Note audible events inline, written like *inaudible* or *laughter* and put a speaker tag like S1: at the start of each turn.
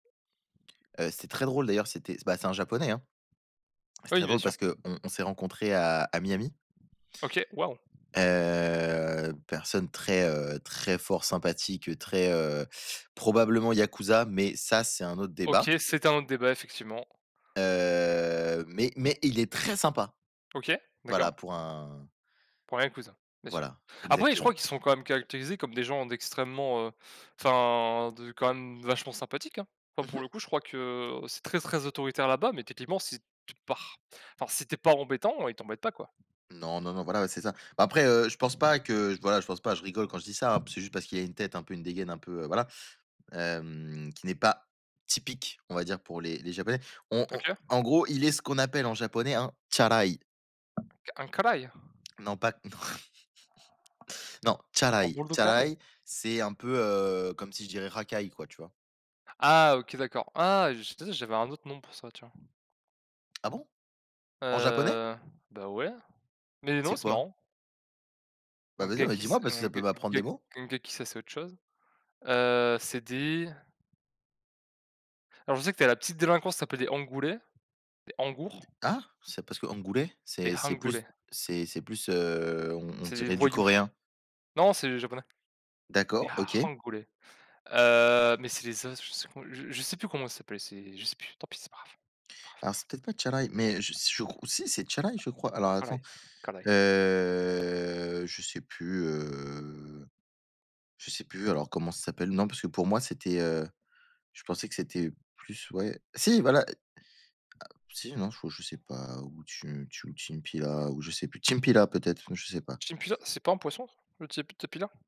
S1: Heu, c'est très drôle, d'ailleurs. C'était s ben, c'est un Japonais, hein. C'est
S2: Oui,
S1: très
S2: bien
S1: drôle,
S2: sûr.
S1: parce qu'on on s'est rencontrés à à Miami.
S2: OK, waouh.
S1: Heu, personne très, heu, très fort sympathique, heu, très, heu, probablement Yakuza, mais ça, c'est un autre
S2: OK,
S1: débat.
S2: c'est un autre débat, effectivement.
S1: Heu, mais mais il est très sympa.
S2: OK, d'accord.
S1: Voilà, pour un
S2: Ouais, Yakuza, bien sûr.
S1: Voilà,
S2: Après, je
S1: exactement.
S2: crois qu'ils sont quand même caractérisés comme des gens d'extrêmement, heu enfin de quand même vachement sympathiques, hein. Enfin
S1: Mmh mh.
S2: pour le coup, crois que c'est très, très autoritaire là-bas, mais techniquement si tu pars enfin si tu es pas embêtant, ils t'embêtent pas quoi.
S1: Non, non, non, voilà, ouais, c'est ça. Après, heu, je pense pas que voilà, je pense pas je rigole quand je dis ça, hein. C'est juste parce qu'il y a une tête un peu une dégaine un peu, heu, voilà. Hem, qui n'est pas typique, on va dire, pour les les Japonais. On on
S2: OK.
S1: en gros, il est ce qu'on appelle, en japonais, un Tsurai.
S2: Un, Carai?
S1: Non, pas *chuckles* non. *chuckles*
S2: Un
S1: Tsurai.
S2: bourdou, caraï.
S1: Tsurai, c'est un peu, heu, comme si je dirais racaille, quoi, tu vois?
S2: Ah OK, d'accord. Ah, je tu sais, j'avais un autre nom pour ça, tu vois?
S1: Ah bon? En japonais?
S2: Heu, ben, ouais, mais non,
S1: C'est
S2: c'est
S1: quoi?
S2: marrant.
S1: Bah
S2: Donc
S1: vas-y, mais
S2: gaki
S1: dis-moi
S2: c'est
S1: parce que ça peut
S2: ongué
S1: m'apprendre des
S2: ongué
S1: mots.
S2: ongaki ça c'est autre chose. Heu, c'est des Alors, je sais que tu as la petite délinquance, ça s'appelle des Angoulé. Des
S1: D
S2: Angour.
S1: hein? Ça, c'est parce que angoulé,
S2: Des
S1: c'est c'est plus
S2: hangoulés.
S1: c'est c'est plus, heu, on on
S2: C'est des
S1: dirait du
S2: voyous.
S1: coréen.
S2: Non, c'est japonais, mais
S1: D'accord,
S2: ha
S1: OK.
S2: hangoulé. Heu, mais c'est les as je sais con je sais plus comment ça s'appelle. C'est je sais plus, tant pis, c'est pas grave pas grave, pas
S1: Alors,
S2: grave.
S1: c'est peut-être pas Tsurai. Mais je s je crois si, c'est Tsurai. Je crois. Alors,
S2: Caraï
S1: attends,
S2: Caraï.
S1: heu, je sais plus, heu, je sais plus, alors comment ça s'appelle. Non, parce que pour moi, c'était, heu je pensais que c'était plus ouais, si voilà ah, si, non, je je sais pas où tu tu ou timpila, ou je sais plus, chimpila peut-être, non, je sais pas.
S2: Timpila c'est pas un poisson, le tip tipila?